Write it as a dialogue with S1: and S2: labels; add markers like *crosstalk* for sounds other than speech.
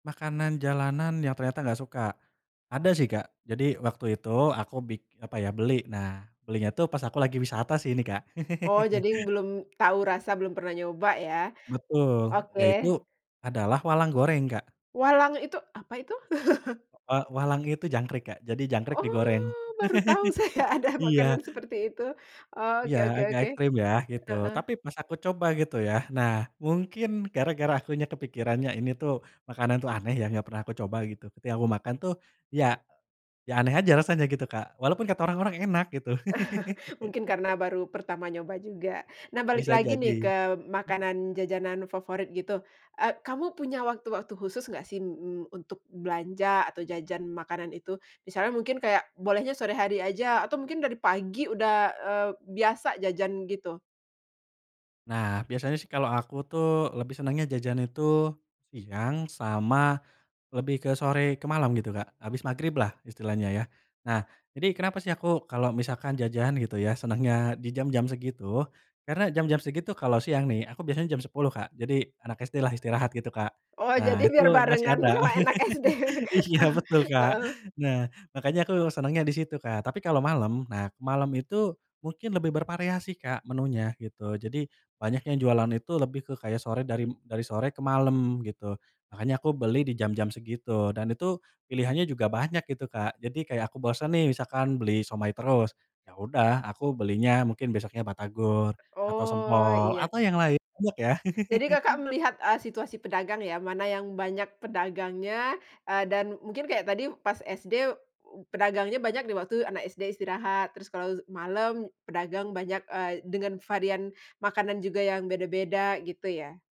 S1: Makanan jalanan yang ternyata gak suka. Ada sih, Kak, jadi waktu itu aku bik apa ya, beli nah belinya tuh pas aku lagi wisata sih ini, Kak.
S2: Oh,
S1: *laughs*
S2: jadi belum tau rasa, belum pernah nyoba ya?
S1: Betul,
S2: Oke.
S1: yaitu adalah walang goreng, Kak.
S2: Walang itu apa itu? *chuckles*
S1: E wa walang itu jangkrik, Kak, jadi jangkrik digoreng.
S2: Oh, baru tahu saya
S1: *chuckles*
S2: ada
S1: Iya.
S2: makanan seperti itu. Oke
S1: Iya,
S2: oke
S1: agak
S2: oke.
S1: ekstrim ya gitu,
S2: Heeh.
S1: tapi pas aku coba gitu yah, nah mungkin gara gara aku nya kepikirannya ini tuh makanan tuh aneh ya gak pernah aku coba gitu. Ketika aku makan tuh ya ya aneh aja rasanya gitu, Kak, walaupun kata orang-orang enak gitu.
S2: *chuckles* Mungkin karena
S1: *laughs*
S2: baru pertama nyoba juga, nah balik
S1: Bisa
S2: lagi nih
S1: jadi.
S2: ke
S1: Mmm.
S2: makanan jajanan favorit gitu, eee, kamu punya waktu-waktu khusus nggak sih m m untuk belanja atau jajan makanan itu? Misalnya mungkin kayak bolehnya sore hari aja atau mungkin dari pagi udah, eee, biasa jajan gitu?
S1: Nah biasanya sih kalau aku tuh lebih senangnya jajan itu siang sama lebih ke sore ke malam gitu, Kak. Habis magriblah istilahnya ya, nah jadi kenapa sih aku kalau misalkan jajan gitu ya senangnya di jam-jam segitu? Karena jam-jam segitu, kalau siang nih aku biasanya jam 10.00, Kak, jadi anak SD-lah istirahat gitu, Kak.
S2: Oh, jadi
S1: Nah itu
S2: biar
S1: masih
S2: barengan
S1: ada,
S2: sama anak SD.
S1: *laughs* iya
S2: *laughs*
S1: betul, Kak.
S2: Heeh.
S1: Nah makanya aku senangnya di situ, Kak. Tapi kalau malem, nah ke malem itu mungkin lebih bervariasi, Kak, menunya gitu, jadi banyak yang jualan itu lebih ke kayak sore dari m dari sore ke malem gitu. Makanya aku beli di jam-jam segitu dan itu pilihannya juga banyak gitu, Kak. Jadi kayak aku bosan nih misalkan beli siomay terus, ya udah aku belinya mungkin besoknya batagor atau
S2: Oh,
S1: sempol
S2: iya.
S1: atau yang lain, banyak ya.
S2: Jadi Kakak
S1: *laughs*
S2: melihat, eee, situasi pedagang ya mana yang banyak pedagangnya, eee, dan mungkin kayak tadi pas SD pedagangnya banyak di waktu anak SD istirahat terus kalau zu malam pedagang banyak, eee, dengan varian makanan juga yang beda-beda gitu ya?